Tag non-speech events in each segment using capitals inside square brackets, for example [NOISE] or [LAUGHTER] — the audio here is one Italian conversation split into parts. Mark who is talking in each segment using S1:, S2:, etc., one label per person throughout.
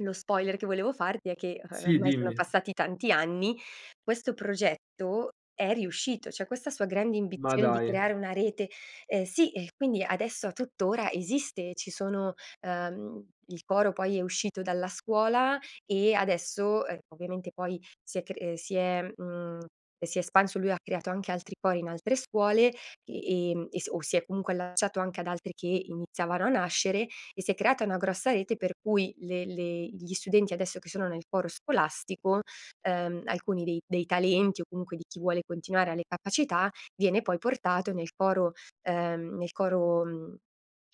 S1: Lo spoiler che volevo farti è che, uhm,
S2: Sì,
S1: ormai sono
S2: dimmi.
S1: passati tanti anni, questo progetto è riuscito, cioè questa sua grande
S2: Ma
S1: ambizione di creare
S2: dai.
S1: una rete, ehm, sì, eh, quindi adesso a tuttora esiste, ci sono, ehm, il coro poi è uscito dalla scuola e adesso, uhm, ovviamente poi si è cr eh, si è, mhmm, si è espanso. Lui ha creato anche altri cori in altre scuole, ehm, e s o si è comunque allacciato anche ad altri che iniziavano a nascere, e si è creata una grossa rete per cui le le gli studenti adesso che sono nel coro scolastico, ehm, alcuni dei dei talenti o comunque di chi vuole continuare e ha le capacità, viene poi portato nel coro, ehm, nel coro, mhmm,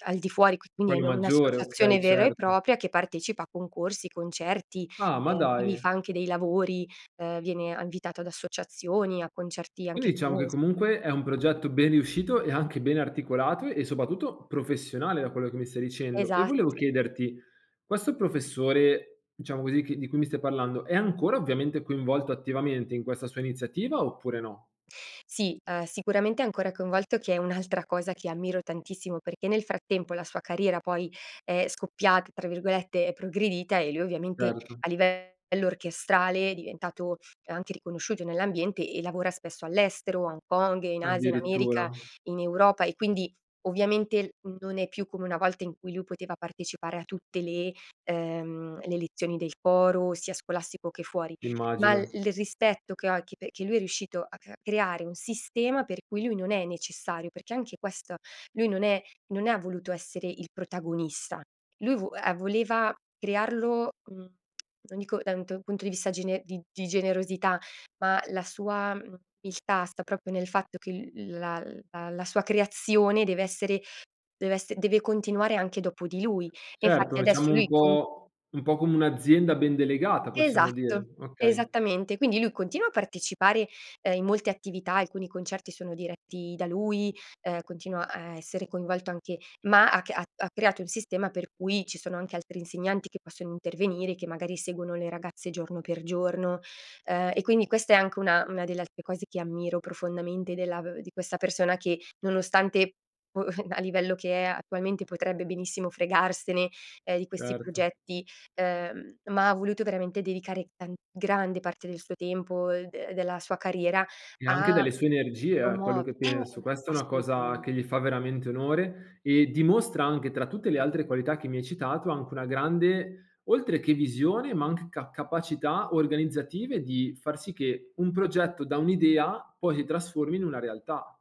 S1: al di fuori, quindi è
S2: Quello
S1: in
S2: maggiore,
S1: un'associazione
S2: okay,
S1: vera e
S2: certo.
S1: propria che partecipa a concorsi, concerti.
S2: Ah, ma
S1: Ehm, quindi fa
S2: dai.
S1: anche dei lavori, ehm, viene a invitato ad associazioni, a concerti anche
S2: Quindi diciamo che
S1: famosi.
S2: comunque è un progetto ben riuscito e anche ben articolato e soprattutto professionale da quello che mi stai dicendo. E
S1: Esatt
S2: volevo chiederti, questo professore diciamo così che di cui mi stai parlando, è ancora ovviamente coinvolto attivamente in questa sua iniziativa oppure no?
S1: Sì, uhm, sicuramente è ancora coinvolto, che è un'altra cosa che ammiro tantissimo, perché nel frattempo la sua carriera poi è "scoppiata", tra virgolette, è progredita e lui ovviamente
S2: Erto.
S1: a livello orchestrale è diventato anche riconosciuto nell'ambiente e lavora spesso all'estero, a Hong Kong, in Asia, in America,
S2: Addirittura?
S1: in Europa e quindi ovviamente non è più come una volta in cui lui poteva partecipare a tutte le, ehm, le lezioni del coro, sia scolastico che fuori. Ma l
S2: Immagino.
S1: il rispetto che ho, e che perché lui è riuscito a cr a creare un sistema per cui lui non è necessario, perché anche questo, lui non è non ha voluto essere il protagonista. Lui vo uhm, voleva crearlo, mhmm, [TSK] non dico da un to punto di vista gene di di generosità, ma la sua, mhmm, umiltà sta proprio nel fatto che l la la la sua creazione deve essere deve esse deve continuare anche dopo di lui. E infatti
S2: Certo,
S1: adesso
S2: diciamo
S1: lui
S2: un
S1: con
S2: po' un po' come un'azienda ben delegata possiamo
S1: Esatto,
S2: dire, okay.
S1: esattamente. Quindi lui continua a partecipare, uhm, in molte attività, alcuni concerti sono diretti da lui, uhm, continua a essere coinvolto anche ma ha c ha ha creato un sistema per cui ci sono anche altri insegnanti che possono intervenire e che magari seguono le ragazze giorno per giorno, uhm, e quindi questa è anche una una delle altre cose che ammiro profondamente della v di questa persona che nonostante, boh, a livello che è attualmente potrebbe benissimo fregarsene, ehm, di questi
S2: Certo.
S1: progetti, ehm, ma ha voluto veramente dedicare tan grande parte del suo tempo, uhm, e della sua carriera
S2: E anche
S1: a
S2: dalle sue energie, eh, quello
S1: promuove
S2: che
S1: eh,
S2: penso.
S1: eh.
S2: Questa è una
S1: Assolutamen
S2: cosa che gli fa veramente onore e dimostra anche tra tutte le altre qualità che mi hai citato, anche una grande, oltre che visione ma anche ca capacità organizzative di far sì che un progetto da un'idea poi si trasformi in una realtà.